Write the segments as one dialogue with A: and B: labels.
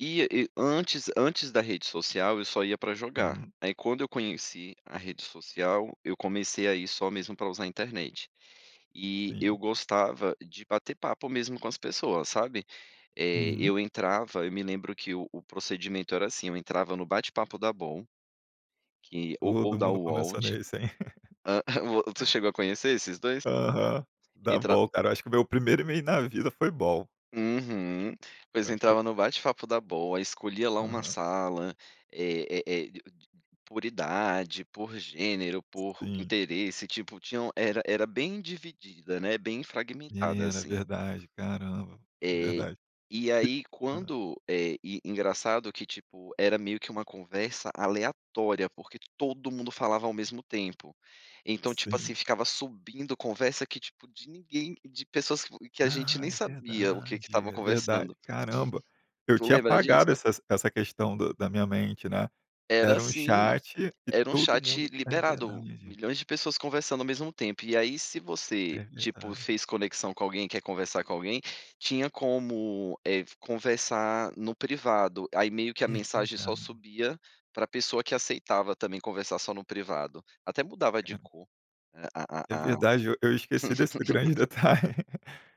A: E e antes antes da rede social, eu só ia para jogar,
B: Uhum.
A: aí quando eu conheci a rede social, eu comecei a ir só mesmo para usar a internet. E eu
B: Sim.
A: gostava de bater papo, mesmo, com as pessoas, sabe. Eh,
B: Uhum.
A: eu entrava, eu me lembro que o o procedimento era, assim, eu entrava no bate-papo da Bol, que ou ou
B: Todo
A: da
B: mundo
A: Uol
B: começou
A: te
B: nesse, hein?
A: tu chegou a conhecer esses 2?
B: Aham, dá
A: Entra
B: bom cara, eu acho que, o meu primeiro email na vida foi bol.
A: Uhum. Pois
B: Eu acho que
A: entrava no bate-papo da bol, escolhia lá uma
B: Aham.
A: sala, é é é, por idade, por gênero, por
B: Sim.
A: interesse, tipo tinham era era bem dividida, né, bem
B: É,
A: fragmentada,
B: era
A: assim.
B: verdade, caramba, é
A: Eh,
B: verdade.
A: e
B: Que
A: aí
B: hã?
A: quando eh, engraçado que tipo, era meio que uma conversa aleatória, porque todo mundo falava ao mesmo tempo. Então, tipo assim,
B: Sim.
A: ficava subindo conversa, que tipo, de ninguém, de pessoas que que a gente
B: Ah,
A: nem
B: é
A: sabia o que que estava
B: verdade, é
A: conversando.
B: verdade, caramba. Eu
A: Tu
B: tinha
A: lembra
B: apagado
A: disso?
B: essas essa questão do da minha mente, né.
A: Era,
B: Era um
A: assim,
B: chat e
A: era um
B: todo
A: chat
B: mundo é
A: liberado,
B: verdade.
A: milhões de pessoas conversando ao mesmo tempo, e aí se você,
B: É
A: tipo
B: verdade.
A: fez conexão com alguém e quer conversar com alguém, tinha como, eh, conversar no privado, aí meio que a
B: É
A: mensagem só
B: verdade.
A: subia, para pessoa que aceitava, também, conversar só no privado. Até mudava de
B: Cara.
A: cor, a
B: É
A: a a
B: verdade, eu eu esqueci desse grande detalhe,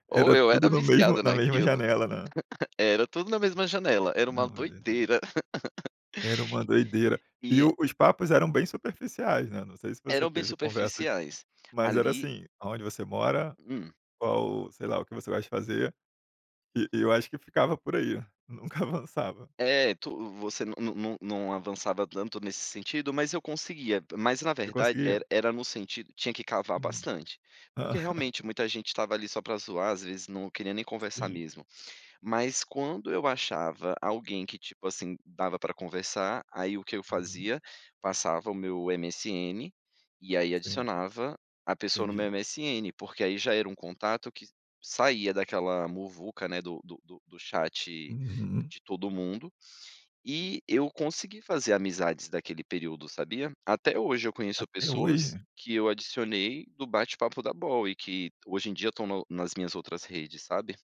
A: Ou,
B: era
A: eu era
B: tudo no mesmo,
A: viciado
B: na mesma
A: naquilo.
B: janela, não é?
A: Era tudo na mesma janela, era uma
B: Não, é verdade.
A: doideira.
B: Era uma doideira. E
A: E
B: o os papos eram bem superficiais, né, não sei se você
A: Eram bem
B: teve conversas,
A: superficiais,
B: mas era,
A: ali
B: assim, aonde você mora,
A: Hum.
B: qual, sei lá, o que você vai fazer, e e eu acho que ficava por aí, nunca avançava.
A: É, tu, você não não não avançava tanto nesse sentido, mas eu conseguia, mas na
B: E
A: verdade
B: conseguia?
A: era era no sentido, tinha que cavar
B: Hum.
A: bastante. Porque realmente muita gente estava ali só para zoar, às vezes não queria nem conversar
B: Sim.
A: mesmo. Mas quando eu achava alguém, que ,tipo assim, dava para conversar, aí o que eu
B: Uhum.
A: fazia? Passava o meu MSN, e aí
B: Sim.
A: adicionava a pessoa no
B: Entendi.
A: meu MSN, porque aí já era um contato que saía daquela muvuca, né, do do do chat
B: Uhum.
A: de todo mundo. E eu consegui fazer amizades daquele período, sabia? Até hoje eu conheço
B: Até
A: pessoas,
B: hoje?
A: que eu adicionei do bate-papo da bol, e que hoje em dia estão no nas minhas outras redes, sabe?